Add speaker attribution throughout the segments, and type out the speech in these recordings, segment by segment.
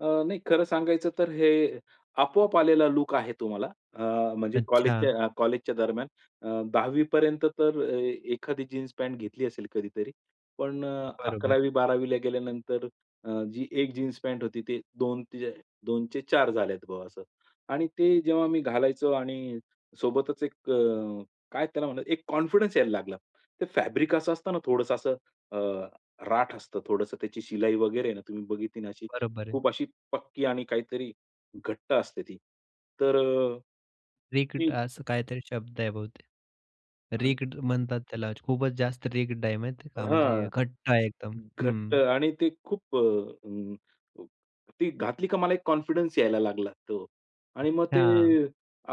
Speaker 1: अ, नाही खरं सांगायचं तर हे आपोआप आलेला लूक आहे तो मला. अ, म्हणजे
Speaker 2: अच्छा.
Speaker 1: कॉलेजच्या अ, कॉलेजच्या दरम्यान अ, 10वी पर्यंत तर एखादी जीन्स पँट घेतली असेल कधीतरी. पण अ,
Speaker 2: बरोबर.
Speaker 1: 11वी-12वी ला गेल्यानंतर अ, जी 1 जीन्स पँट होती. ती 2, 2 चे 4 झालेत बा असं. आणि ते जेव्हा मी घालायचो आणि सोबतच एक अ, काय त्याला म्हणायचं एक अ, कॉन्फिडन्स यायला लागला. ते फॅब्रिक असं असतं ना थोडंसं असं अ, राठ असतं. थोडंसं त्याची शिलाई वगैरे आहे ना, तुम्ही बघितली ना अशी
Speaker 2: बरोबर आहे.
Speaker 1: खूप अशी पक्की आणि काहीतरी घट्ट असते ती. तर अ,
Speaker 2: रिजिड
Speaker 1: ती
Speaker 2: असं काहीतरी शब्द आहे बहुतेक.
Speaker 1: आणि
Speaker 2: रिजिड म्हणतात त्याला खूपच जास्त रिजिड आहे माहिते आहे का.
Speaker 1: हां.
Speaker 2: म्हणजे घट्ट आहे एकदम.
Speaker 1: घट्ट
Speaker 2: हं.
Speaker 1: आणि ते खूप अ, अं, ती घातली का मला एक कॉन्फिडन्स यायला लागला. हो. आणि मग ते
Speaker 2: हां.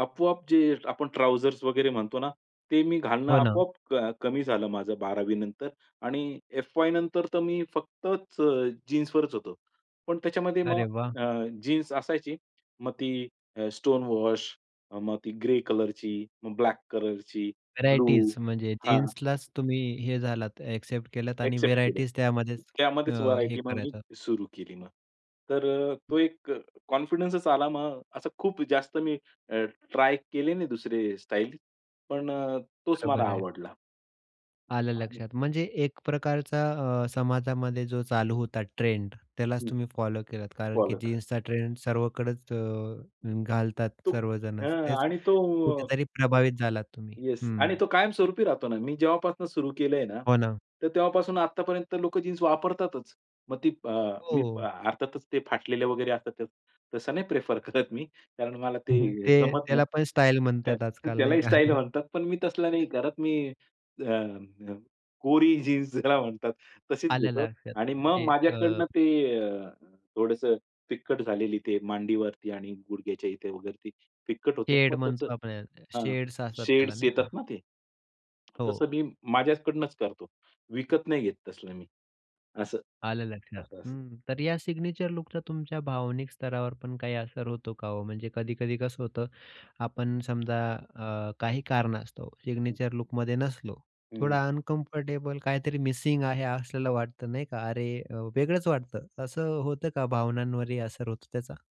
Speaker 1: आपोआप जे आपण ट्राउझर्स वगैरे म्हणतो ना, ते मी घालणं
Speaker 2: हो ना.
Speaker 1: आपोआप अ, कमी झालं माझं 12वी नंतर आणि एफवाय नंतर तर मी फक्तच जीन्सवरच होतो. पण त्याच्यामध्ये मग
Speaker 2: अरे वाह!
Speaker 1: अ, जीन्स असायची. मग ती अ, स्टोन वॉश, मग ती ग्रे कलरची, मग ब्लॅक कलरची, ब्लू.
Speaker 2: व्हरायटीज म्हणजे
Speaker 1: हां.
Speaker 2: जीन्सलाच तुम्ही हे झालात एक्सेप्ट केलत आणि
Speaker 1: अ‍ॅक्सेप्ट केलं.
Speaker 2: व्हरायटीज त्यामध्येच अ,
Speaker 1: त्यामध्येच
Speaker 2: हे
Speaker 1: व्हरायटी मग मी
Speaker 2: करायचं.
Speaker 1: सुरू केली मग. तर अ, तो एक अ, कॉन्फिडन्सच आला मग. असं खूप जास्त मी अ, ट्राय केले नाही दुसरे स्टाईल. पण अ, तोच मला
Speaker 2: बरोबर आहे.
Speaker 1: आवडला.
Speaker 2: आलं
Speaker 1: आणि
Speaker 2: लक्षात. म्हणजे एक प्रकारचा अ, समाजामध्ये जो चालू होता ट्रेंड. त्यालाच
Speaker 1: हं.
Speaker 2: तुम्ही फॉलो केलात. कारण की
Speaker 1: फॉलो केल.
Speaker 2: जीन्सचा ट्रेंड सर्वकडच
Speaker 1: मग.
Speaker 2: अ, घालतात
Speaker 1: तो
Speaker 2: सर्वजणं,
Speaker 1: हं
Speaker 2: तेच
Speaker 1: आणि तो
Speaker 2: कुठेतरी प्रभावित झालात तुम्ही
Speaker 1: येस.
Speaker 2: हं.
Speaker 1: आणि तो कायम स्वरूपी राहतो ना. मी जेव्हापासून सुरू केलंय ना,
Speaker 2: हो ना.
Speaker 1: तर तेव्हापासून आतापर्यंत लोकं जीन्स वापरतातच. मग ती अ,
Speaker 2: हो,
Speaker 1: मी अ,
Speaker 2: हो.
Speaker 1: अर्थातच ते फाटलेले वगैरे असतात तसं नाही प्रिफर करत मी कारण मला ते
Speaker 2: ते
Speaker 1: जमत नाही.
Speaker 2: त्याला पण स्टाईल म्हणतात आजकाल नाही
Speaker 1: त्यालाही
Speaker 2: का.
Speaker 1: स्टाईल म्हणतात, पण मी तसला नाही करत. मी अ, अ, कोरी जीन्स ज्याला म्हणतात तशीच
Speaker 2: आलं
Speaker 1: घेतो.
Speaker 2: लक्षात.
Speaker 1: आणि मग
Speaker 2: म्हणजे अ
Speaker 1: माझ्याकडनं ते अ, थोडंसं फिक्कट झालेली ते मांडीवरती आणि गुडघ्याच्या इथे वगैरे ती फिक्कट होते ना,
Speaker 2: शेड
Speaker 1: मग तसं.
Speaker 2: म्हणतो आपण त्याला,
Speaker 1: हां,
Speaker 2: शेड्स असतात त्याला
Speaker 1: शेड्स
Speaker 2: नाही का.
Speaker 1: येतात ना ते.
Speaker 2: हो.
Speaker 1: तसं मी माझ्याकडूनच करतो. विकत नाही घेत तसलं मी. असं.
Speaker 2: आलं लक्षात.
Speaker 1: असं असतं.
Speaker 2: हं. तर या सिग्नेचर लूकचा तुमच्या भावनिक स्तरावर पण काही असर होतो का हो, म्हणजे कधी-कधी कसं होतं, आपण समजा अ, काही कारणास्तव
Speaker 1: हं.
Speaker 2: सिग्नेचर लूकमध्ये नसलो.
Speaker 1: हं, हं.
Speaker 2: थोडा अनकम्फर्टेबल काहीतरी मिसिंग आहे असलेलं वाटतं नाही का. अरे अ, वेगळंच वाटतं. असं होतं का भावनांवरही असर होतो त्याचा?